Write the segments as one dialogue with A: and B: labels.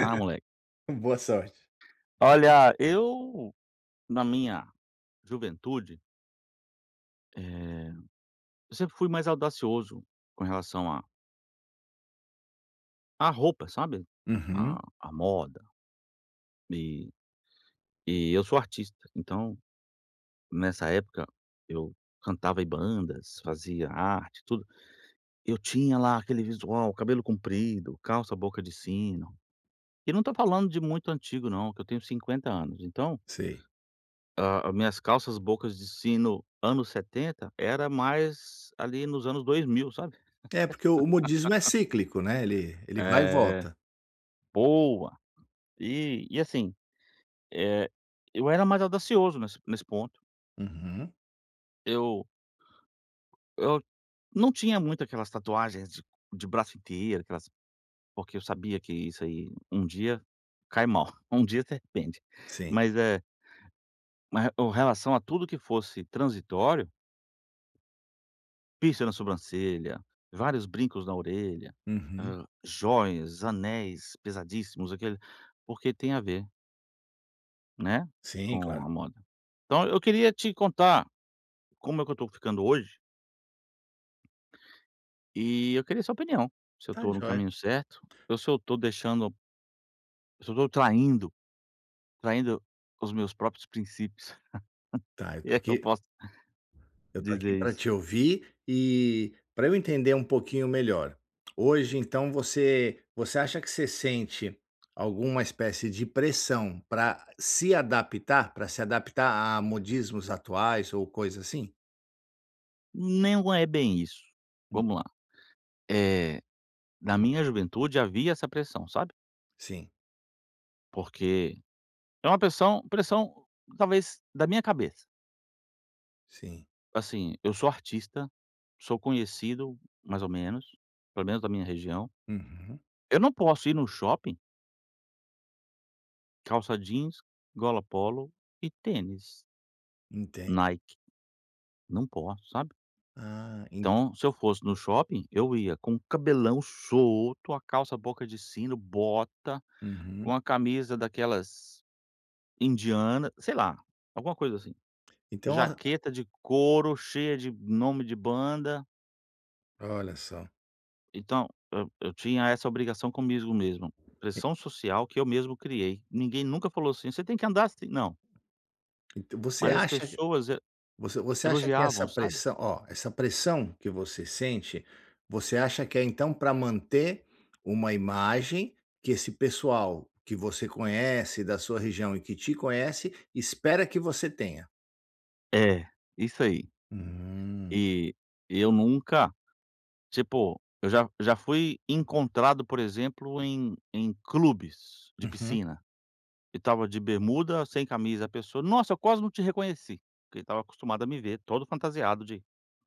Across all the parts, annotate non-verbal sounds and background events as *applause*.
A: Ah, moleque.
B: Boa sorte.
A: Olha, eu, na minha juventude eh, eu sempre fui mais audacioso, com relação à à roupa, sabe, à
B: Uhum.
A: à moda. E e eu sou artista, então, nessa época, eu cantava em bandas, fazia arte, tudo. Eu tinha lá aquele visual, cabelo comprido, calça boca de sino. E não estou falando de muito antigo, não, que eu tenho 50 anos, então
B: Sei.
A: a as minhas calças bocas de sino, anos 70, era mais ali nos anos 2000, sabe?
B: É, porque o o modismo é
A: *laughs*
B: cíclico, né, ele ele vai e
A: É.
B: volta.
A: Boa. E e assim, eh, eu era mais audacioso, nesse nesse ponto.
B: Uhum.
A: Eu eu não tinha muito aquelas tatuagens de de braço inteiro, aquelas porque eu sabia que isso aí, um dia, cai mal, um dia se arrepende.
B: Sim.
A: Mas é ma re com relação a tudo que fosse transitório piercing na sobrancelha, vários brincos na orelha,
B: Uhum.
A: hã, jóias, anéis pesadíssimos aquilo, porque tem a ver né,
B: Sim,
A: com
B: claro.
A: a moda. Então, eu queria te contar como é que eu estou ficando hoje E eu queria sua opinião, se eu
B: Está
A: estou no
B: joia.
A: caminho certo, ou se eu estou deixando se eu tô traindo traindo os meus próprios princípios,
B: Tá,
A: *laughs*
B: é
A: se é que eu
B: porque
A: posso
B: eu estou aqui
A: dizer
B: pra
A: isso.
B: te ouvir, e pra eu entender pouquinho melhor, hoje, então, você você acha que você sente alguma espécie de pressão pra se adaptar pra se adaptar a modismos atuais ou coisa assim?
A: Não é bem isso.
B: Hum.
A: Vamos lá! Eh, na minha juventude havia essa pressão, sabe?
B: Sim.
A: Porque, é uma pressão pressão, talvez, da minha cabeça.
B: Sim.
A: Assim, eu sou artista, sou conhecido, mais ou menos, pelo menos da minha região
B: Uhum.
A: eu não posso ir num shopping? Calça jeans, gola polo e tênis
B: Entendo.
A: Nike não posso, sabe?
B: Ah, ent
A: Então, se eu fosse no shopping, eu ia com cabelão solto, a calça boca de sino, bota,
B: Uhum.
A: uma camisa daquelas indianas, sei lá, alguma coisa assim.
B: Então, ó
A: Jaqueta de couro, cheia de nome de banda.
B: Olha só.
A: Então, eu eu tinha essa obrigação comigo mesmo,
B: E
A: pressão social que eu mesmo criei. Ninguém nunca falou assim: “Você tem que andar assim!”, não
B: Então, você
A: mas as
B: acha
A: pessoas e
B: você você acha que essa
A: elogiavam, sabe?
B: pressão ó, essa pressão que você sente, você acha que é então pra manter uma imagem, que esse pessoal que você conhece, da sua região e que te conhece, espera que você tenha?
A: É, isso aí.
B: Hum.
A: E e eu nunca, tipo, eu já já fui encontrado, por exemplo, em em clubes de
B: Uhum.
A: piscina, e estava de bermuda, sem camisa, a pessoa: Nossa, eu quase não te reconheci", porque estava acostumado a me ver, todo fantasiado de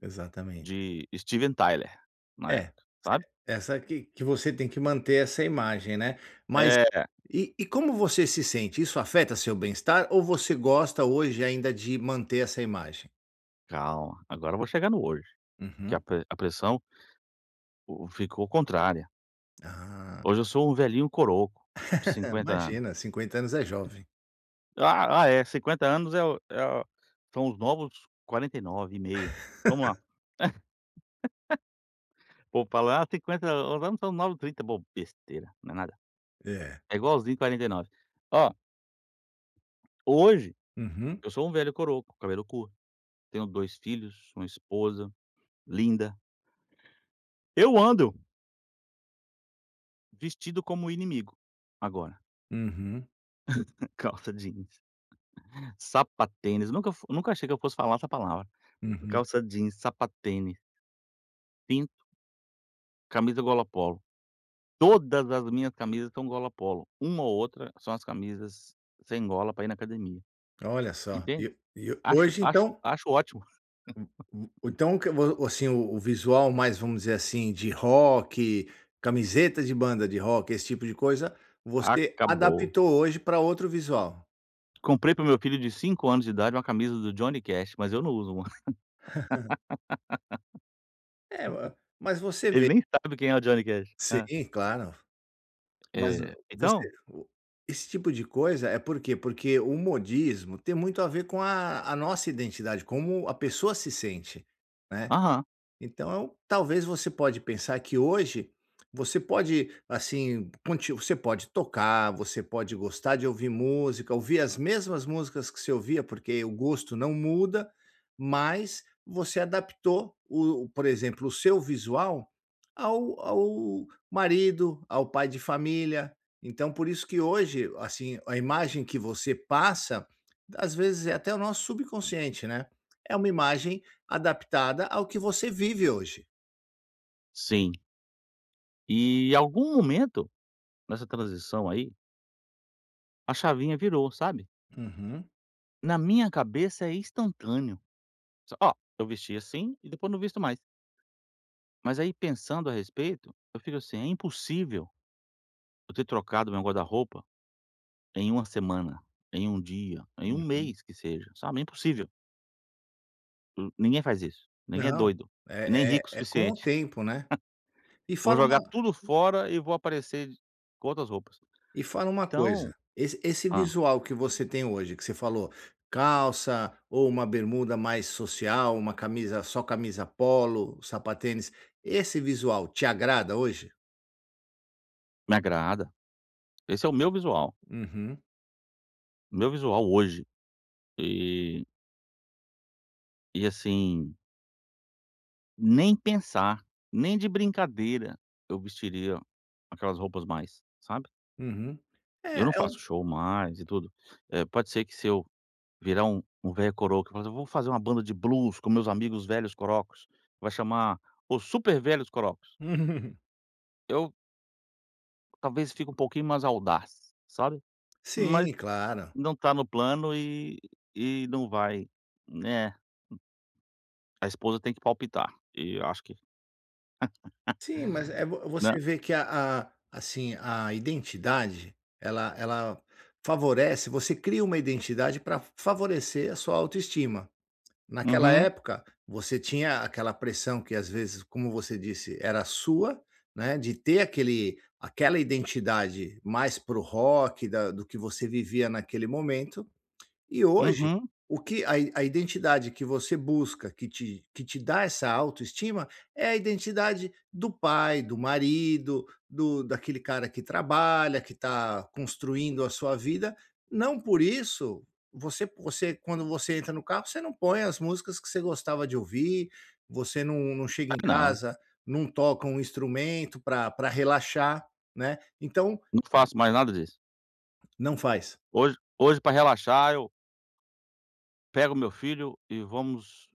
B: Exatamente.
A: de Steven Tyler, na
B: É,
A: época, sabe?
B: essa que que você tem que manter essa imagem, né. Mas
A: Era.
B: e e como você se sente? Isso afeta seu bem estar ou você gosta hoje ainda de manter essa imagem?
A: Calma. Agora, eu vou chegar no hoje, porque a
B: Uhum.
A: pre a pressão o o ficou contrária.
B: Ah.
A: Hoje, eu sou um velhinho coroco, de
B: *laughs*
A: 50 anos
B: Imagina. 50 anos é jovem.
A: Ah ah é. 50 anos é o é o são os novos 49 e meio. Vamos lá.
B: *laughs*
A: *laughs* Pô, falar 50 an os anos são os novos 30, bobo. Besteira. Não é nada.
B: É.
A: É igualzinho 49. Oh Hoje,
B: Uhum.
A: eu sou um velho coroco com cabelo curto. Tenho 2 filhos, uma esposa linda. Eu ando vestido como o inimigo, agora.
B: Uhum.
A: *laughs* Calça jeans, sapatênis. Nunca f nunca achei que eu fosse falar essa palavra.
B: Uhum.
A: Calça jeans, sapatênis cinto camisa gola polo. Todas as minhas camisas são gola polo. Uma ou outra são as camisas sem gola, para ir na academia,
B: Olha só.
A: entende?
B: E e
A: Acho
B: hoje
A: acho
B: então
A: acho ótimo.
B: U u
A: *laughs*
B: então o que vo o seu visual mais, vamos dizer assim, de rock, camiseta de banda de rock, esse tipo de coisa, você
A: Acabou.
B: adaptou hoje pra outro visual.
A: Comprei pro meu filho de 5 anos de idade uma camisa do Johnny Cash, mas eu não uso uma. *laughs*
B: *laughs* É, ma mas você
A: Ele
B: vê
A: nem sabe quem é o Johnny Cash. Hã.
B: Sim, claro. Mas, eh,
A: Eh,
B: você
A: então
B: fo esse tipo de coisa é por quê? Porque o modismo tem muito a ver com a a nossa identidade, como a pessoa se sente, né.
A: Aham.
B: Então, talvez você pode pensar que hoje você pode, assim, conti você pode tocar, você pode gostar de ouvir música, ouvir as mesmas músicas que se ouvia, porque o gosto não muda, mas você adaptou o por exemplo, o seu visual ao ao marido, ao pai de família. Então, por isso que hoje, assim, a imagem que você passa, às vezes, é até o nosso subconsciente, né. É uma imagem adaptada ao que você vive hoje.
A: Sim. E algum momento, nessa transição aí a chavinha virou, sabe?
B: Uhum.
A: Na minha cabeça é instantâneo, s ó, eu vestia assim e depois não visto mais. Mas, aí pensando a respeito, eu fico assim, é impossível eu ter trocado o meu guarda-roupa em 1 semana, em 1 dia, em 1
B: Uhum.
A: mês, que seja, sabe, é impossível. Nin ninguém faz isso, ninguém é
B: Não,
A: doido e nem
B: é
A: rico o
B: é é com o
A: suficiente.
B: tempo, né. E
A: *laughs* Vou
B: fala uma
A: jogar tudo fora e vou aparecer com outras roupas.
B: e fala uma coisa,
A: Então
B: esse esse
A: hã.
B: visual que você tem hoje, que você falou calça, ou uma bermuda mais social, uma camisa só camisa polo, sapatênis, esse visual te agrada hoje?
A: Me agrada, esse é o meu visual
B: Uhum.
A: o meu visual hoje. E e assim nem pensar, nem de brincadeira, eu vestiria aquelas roupas mais, sabe?
B: Uhum.
A: Eu não
B: É é um
A: faço show mais e tudo, eh, pode ser que se eu virar um um velho coroco, mas eu vou fazer uma banda de blues com meus amigos velhos corocos, vai chamar, Os Super Velhos Corocos.
B: Uhum.
A: Eu Talvez, fique pouquinho mais audaz, sabe. Mas
B: Sim, claro.
A: não está no plano e e não vai, né. A esposa tem que palpitar, e eu acho que *laughs*
B: Sim, mas, eh eh vo
A: nã
B: você vê que a a, assim, a identidade, ela ela favorece você cria uma identidade pra fa favorecer a sua autoestima. Naquela
A: Aham.
B: época, você tinha aquela pressão que, às vezes, como você disse era sua, né, de ter aquele aquela identidade mais para o rock da do que você vivia naquele momento, e hoje,
A: Uhum.
B: o que a a identidade que você busca que te que te dá essa autoestima é a identidade do pai, do marido, do daquele cara que trabalha, que está construindo a sua vida. Não por isso, você p você quando você entra no carro você não põe as músicas que você gostava de ouvir, você não não chega
A: Ah
B: em
A: não.
B: casa, não toca um instrumento pra pra relaxar, né. Então
A: Não faço mais nada disso.
B: Não faz.
A: Hoje hoje pra relaxar eu pego o meu filho e vamos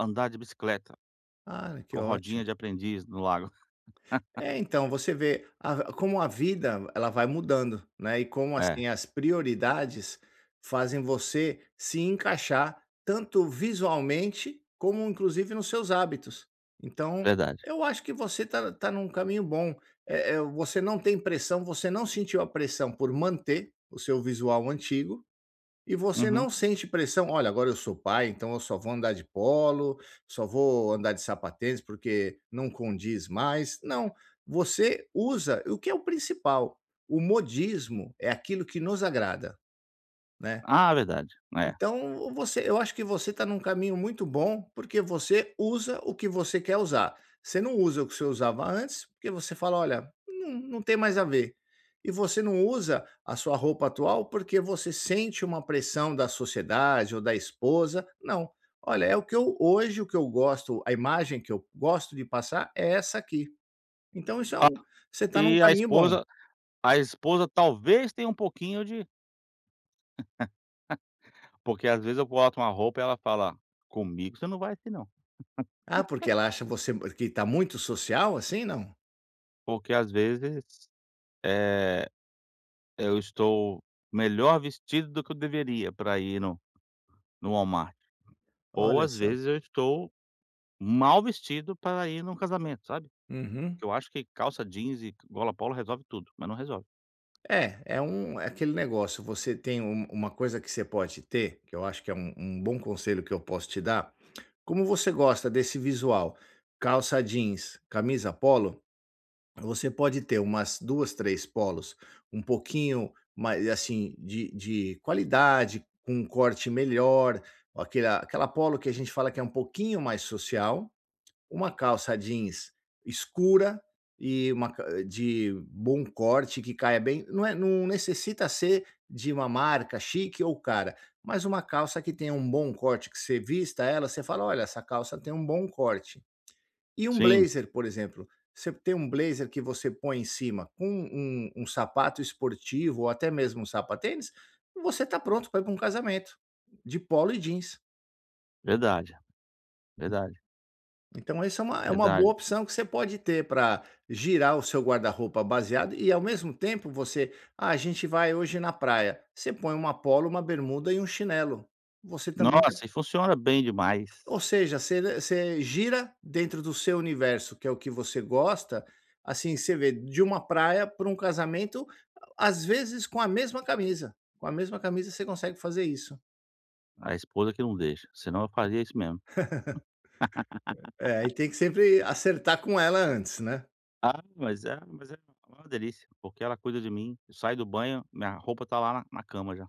A: andar de bicicleta,
B: Ah, que
A: com rodinha
B: ótimo.
A: de aprendiz no lago. *laughs*
B: É então, você vê a como a vida, ela vai mudando né, e como,
A: É.
B: assim, as prioridades fazem você se encaixar, tanto visualmente como, inclusive, nos seus hábitos. Então,
A: Verdade.
B: eu acho que você está está num caminho bom. Eh eh você não tem pressão, você não sentiu a pressão por manter o seu visual antigo e você
A: Uhum.
B: não sente pressão: “Olha, agora eu sou pai, então eu só vou andar de polo, só vou andar de sapatênis porque não condiz mais”, não. Você usa o que é o principal, o modismo é aquilo que nos agrada, né.
A: Ah, verdade, é.
B: Então, você eu acho que você está num caminho muito bom, porque você usa o que você quer usar, você não usa o que você usava antes, porque você fala: “Olha, não não tem mais a ver. E você não usa a sua roupa atual, porque você sente uma pressão da sociedade ou da esposa. Não: “Olha é o que eu hoje o que eu gosto a imagem que eu gosto de passar é essa aqui. Então isso é
A: Ah,
B: um você está num
A: e a
B: caminho bom.
A: esposa a esposa, talvez, tenha pouquinho de *laughs* Porque, às vezes, eu boto uma roupa ela fala: “Comigo você não vai assim, não.”.
B: Ah, porque ela
A: *laughs*
B: acha você que está muito social assim, não?
A: Porque, às vezes, eh, eu estou melhor vestido do que eu deveria, pra ir no no Walmart, ou,
B: Olha
A: às
B: só.
A: vezes, eu estou mal vestido pra ir num casamento, sabe.
B: Uhum.
A: Porque eu acho que calça jeans e gola polo resolve tudo, mas não resolve.
B: É, é um é aquele negócio, você tem um uma coisa que você pode ter, que eu acho que é um um bom conselho que eu posso te dar, como você gosta desse visual, calça jeans, camisa polo, você pode ter umas 2, 3 polos, um pouquinho mai assim, de de qualidade, com um corte melhor, com aquele aquela polo, que a gente fala que é um pouquinho mais social, uma calça jeans escura e uma ca de bom corte, que caia bem. Não é não necessita ser de uma marca chique ou cara, mas uma calça que tenha um bom corte, que você vista ela, você fala: “Olha, essa calça tem bom corte". E um
A: Sim.
B: blazer, por exemplo, você ter um blazer que você põe em cima, com um um sapato esportivo ou até mesmo sapatênis, você está pronto pra ir pra um casamento, de polo e jeans.
A: Verdade, verdade.
B: Então, esse é uma é uma boa
A: Verdade.
B: opção que você pode ter pra girar o seu guarda-roupa baseado e ao mesmo tempo você: “Ah, a gente vai hoje na praia”, você põe uma polo, uma bermuda e um chinelo. Você também tá
A: Nossa, e funciona bem demais.
B: Ou seja, você você gira dentro do seu universo, que é o que você gosta, assim, você vê, de uma praia pra um casamento, a às vezes, com a mesma camisa, com a mesma camisa você consegue fazer isso.
A: A esposa que não deixa, senão eu fazia isso mesmo.
B: *laughs* É é,
A: *laughs*
B: e tem que sempre acertar com ela antes, né?
A: Ah, mas é mas é uma delícia, porque ela cuida de mim. Eu saio do banho, minha roupa tá lá na cama já.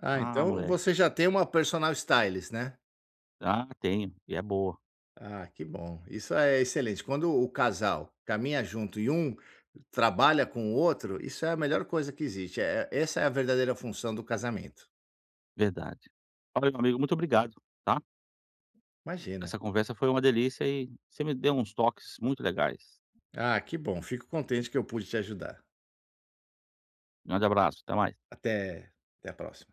B: Ah,
A: Ah,
B: então
A: mole
B: você já tem uma personal stylist, né?
A: Ah, tenho, e é boa.
B: Ah, que bom, isso é excelente. Quando o o casal caminha junto e um trabalha com o outro, isso é a melhor coisa que existe, é é essa é a verdadeira função do casamento.
A: Verdade. Valeu, meu amigo, muito obrigado, tá?
B: Imagina.
A: Essa conversa foi uma delícia e você me deu uns toques muito legais.
B: Ah, que bom, fico contente que eu pude te ajudar.
A: Grande abraço, até mais.
B: Até, até a próxima.